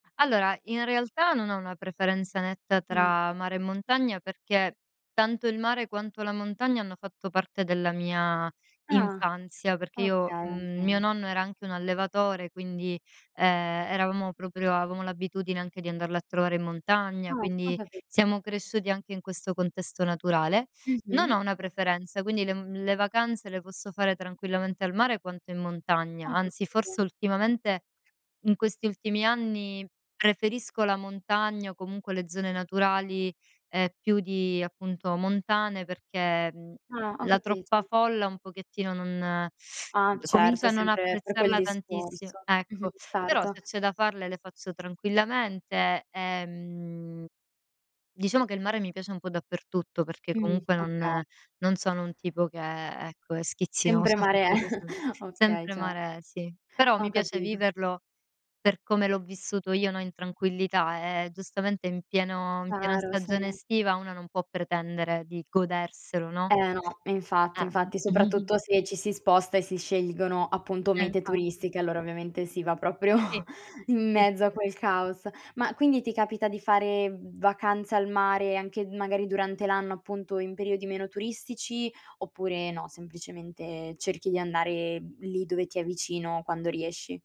Allora, in realtà non ho una preferenza netta Mh. tra mare e montagna perché tanto il mare quanto la montagna hanno fatto parte della mia Ah infanzia, perché okay, io va mhmm, mio bene. nonno era anche un allevatore, quindi ehm, eravamo proprio avevamo l'abitudine anche di andarlo a trovare in Ah montagna, ho quindi capi siamo cresciuti anche in questo contesto naturale. Non ho Mh-mh. una preferenza, quindi le mhmm, le vacanze le posso fare tranquillamente al mare quanto in montagna, Ho anzi forse capito. ultimamente in questi ultimi anni preferisco la montagna o comunque le zone naturali e più di appunto montane perché, mhmm, Ah ho la capito. troppa folla un pochettino non Ah comincio certo, a non sempre per quel apprezzarla tantissimo. discorso. Mh-mh, Ecco. Però certo. se c'è da farle le faccio tranquillamente. Ehm diciamo che il mare mi piace un po' dappertutto perché Mh, comunque okay. non non sono un tipo che, ecco, è Sempre schizzinosa mare è. sotto questo s Okay sempre certo. mare è, sì. Però Ho mi piace capito. viverlo per come l'ho vissuto io, no, in tranquillità, eh, giustamente in pieno in piena Chiaro sì. stagione estiva uno non può pretendere di goderselo, no? Eh no, infatti Eh! infatti, soprattutto se ci si sposta e si scelgono appunto Eh mete infatti. turistiche, allora ovviamente si va proprio Sì. in Sì, mezzo a sì. quel caos. Ma quindi ti capita di fare vacanza al mare anche magari durante l'anno appunto in periodi meno turistici oppure no, semplicemente cerchi di andare lì dove ti è vicino, quando riesci?